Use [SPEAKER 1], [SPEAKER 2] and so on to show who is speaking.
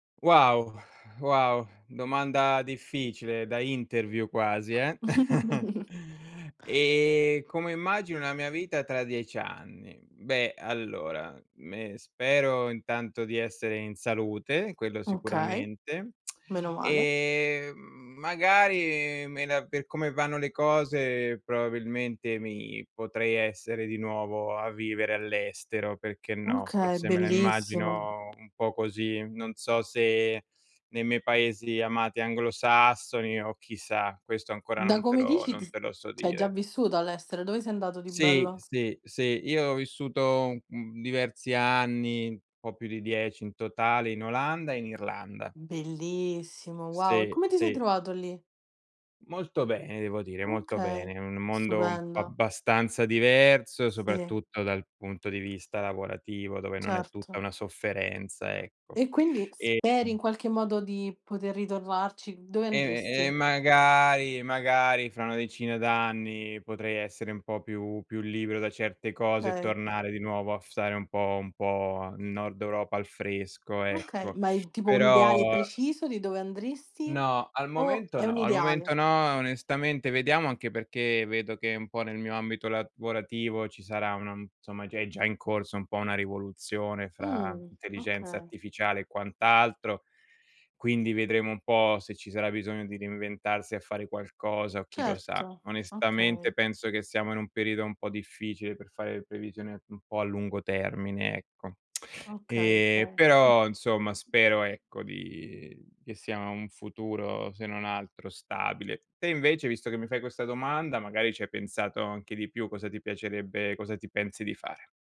[SPEAKER 1] Wow! Wow, domanda difficile da interview quasi, eh. E come immagino la mia vita tra 10 anni? Beh, allora, me spero intanto di essere in salute, quello
[SPEAKER 2] Okay,
[SPEAKER 1] sicuramente,
[SPEAKER 2] menomale.
[SPEAKER 1] ehm, magari, me la per come vanno le cose, probabilmente mi potrei essere di nuovo a vivere all'estero, perché no.
[SPEAKER 2] Okay,
[SPEAKER 1] Forse me la
[SPEAKER 2] bellissimo.
[SPEAKER 1] immagino un po' così. Non so se nei miei paesi amati anglosassoni o chissà, questo ancora
[SPEAKER 2] Da
[SPEAKER 1] non te
[SPEAKER 2] come
[SPEAKER 1] lo
[SPEAKER 2] dici
[SPEAKER 1] non
[SPEAKER 2] ts
[SPEAKER 1] te lo so
[SPEAKER 2] c'hai già
[SPEAKER 1] dire.
[SPEAKER 2] vissuto all'estero, dove sei andato di
[SPEAKER 1] Sì,
[SPEAKER 2] bello?
[SPEAKER 1] sì, sì, io ho vissuto, uhm, diversi anni, un po' più di 10 in totale, in Olanda e in Irlanda. Sì, sì.
[SPEAKER 2] Bellissimo! Wow. E
[SPEAKER 1] Sì,
[SPEAKER 2] come ti sei
[SPEAKER 1] sì.
[SPEAKER 2] trovato lì?
[SPEAKER 1] Molto bene devo dire, molto
[SPEAKER 2] Okay,
[SPEAKER 1] bene. Un mondo un
[SPEAKER 2] stupendo.
[SPEAKER 1] abbastanza diverso,
[SPEAKER 2] Sì.
[SPEAKER 1] soprattutto dal punto di vista lavorativo, dove non è tutta
[SPEAKER 2] Certo.
[SPEAKER 1] una sofferenza, ecco.
[SPEAKER 2] E quindi
[SPEAKER 1] Ehm
[SPEAKER 2] speri in qualche modo di poter ritornarci? Dove
[SPEAKER 1] E e
[SPEAKER 2] andresti?
[SPEAKER 1] magari magari fra una decina d'anni potrei essere un po' più più libero da certe cose e
[SPEAKER 2] Okay.
[SPEAKER 1] tornare di nuovo a f stare un po' un po' nel Nord Europa, al fresco,
[SPEAKER 2] Okay,
[SPEAKER 1] ecco.
[SPEAKER 2] ma in tipo un
[SPEAKER 1] Però
[SPEAKER 2] ideale preciso di dove andresti
[SPEAKER 1] No, al
[SPEAKER 2] o
[SPEAKER 1] momento
[SPEAKER 2] è
[SPEAKER 1] no,
[SPEAKER 2] un
[SPEAKER 1] al
[SPEAKER 2] ideale?
[SPEAKER 1] momento no, onestamente. Vediamo anche perché vedo che un po' nel mio ambito lavorativo ci sarà, una insomma, già è già in corso un po' una rivoluzione fra
[SPEAKER 2] Mh,
[SPEAKER 1] intelligenza
[SPEAKER 2] okay.
[SPEAKER 1] artificiale e quant'altro. Quindi vedremo un po' se ci sarà bisogno di reinventarsi a fare qualcosa o chi lo sa.
[SPEAKER 2] Certo,
[SPEAKER 1] Onestamente
[SPEAKER 2] okay.
[SPEAKER 1] penso che siamo in un periodo un po' difficile, per fare le previsioni un po' a lungo termine, ecco.
[SPEAKER 2] Okay,
[SPEAKER 1] E
[SPEAKER 2] 6, mh.
[SPEAKER 1] però, insomma, spero, ecco, di che sia un futuro se non altro stabile. Te invece, visto che mi fai questa domanda, magari ci hai pensato anche di più. Cosa ti piacerebbe cosa ti pensi di fare?